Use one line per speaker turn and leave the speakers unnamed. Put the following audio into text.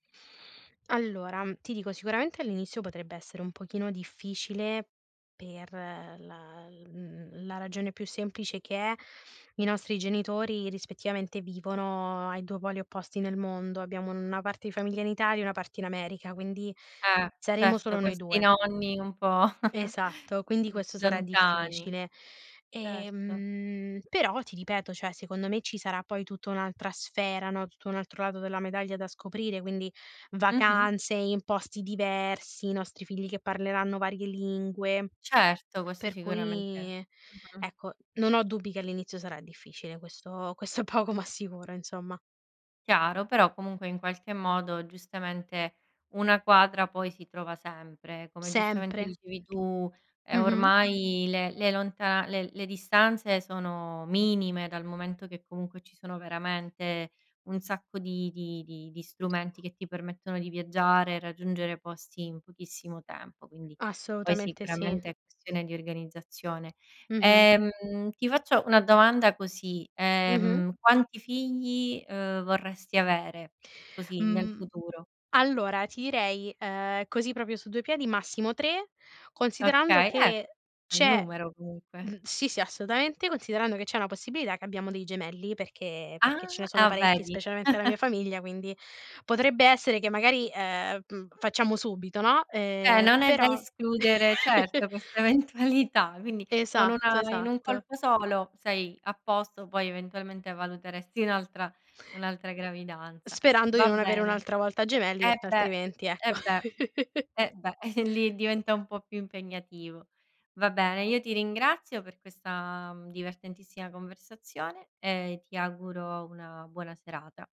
Allora, ti dico sicuramente all'inizio potrebbe essere un pochino difficile per la l mhmm, la ragione più semplice che è: i nostri genitori rispettivamente vivono ai 2 poli opposti nel mondo. Abbiamo una parte di famiglia in Italia e una parte in America, quindi
Eh.
saremo
Certo,
solo noi
questi
2.
nonni un po',
Esatto, quindi
mhmm,
questo sarà
lontani.
difficile.
Certo.
Ehm, però ti ripeto, cioè secondo me ci sarà poi tutta un'altra sfera, no, tutto un altro lato della medaglia da scoprire, quindi
Mh-mh.
vacanze in posti diversi, i nostri figli che parleranno varie lingue.
Certo, questo
Per
sicuramente
cui
mh-mh.
ecco, non ho dubbi che all'inizio sarà difficile, questo questo è poco ma sicuro insomma.
Chiaro, però comunque in qualche modo giustamente, una quadra poi si trova sempre. Come giustamente
Sempre.
dicevi tu, ehm,
Mh mh.
ormai le le lonta le le distanze sono minime, dal momento che comunque ci sono veramente un sacco di di di di strumenti che ti permettono di viaggiare e raggiungere posti in pochissimo tempo, quindi poi
Assolutamente sì.
sicuramente è questione di organizzazione.
Mh-mh.
Ehm, ti faccio una domanda così,
Mh-mh.
ehm, quanti figli, uhm, vorresti avere, così, nel
Mh.
futuro?
Allora ti direi, uhm, così proprio su due piedi, massimo 3 considerando
Okay, eh,
che
bel
c'è
numero
mh,
comunque.
sì, sì, assolutamente, considerando che c'è una possibilità che abbiamo dei gemelli, perché perché ce
Ah!
ne sono
Ah,
parecchi
vedi?
specialmente la mia famiglia, quindi potrebbe essere che magari, ehm, mhmm, facciamo subito, no,
Eh.
ehm,
Non è da
però
escludere, certo, questa eventualità. Quindi con
Esatto,
una in un
esatto.
colpo solo, sei a posto, poi eventualmente valuteresti un'altra un'altra gravidanza.
Sperando di
Va
non avere
bene
un'altra volta gemelli,
Eh,
perché
beh!
altrimenti, ecco.
Eh, beh! Eh, beh, e lì diventa un po' più impegnativo. Va bene, io ti ringrazio per questa divertentissima conversazione e ti auguro una buona serata.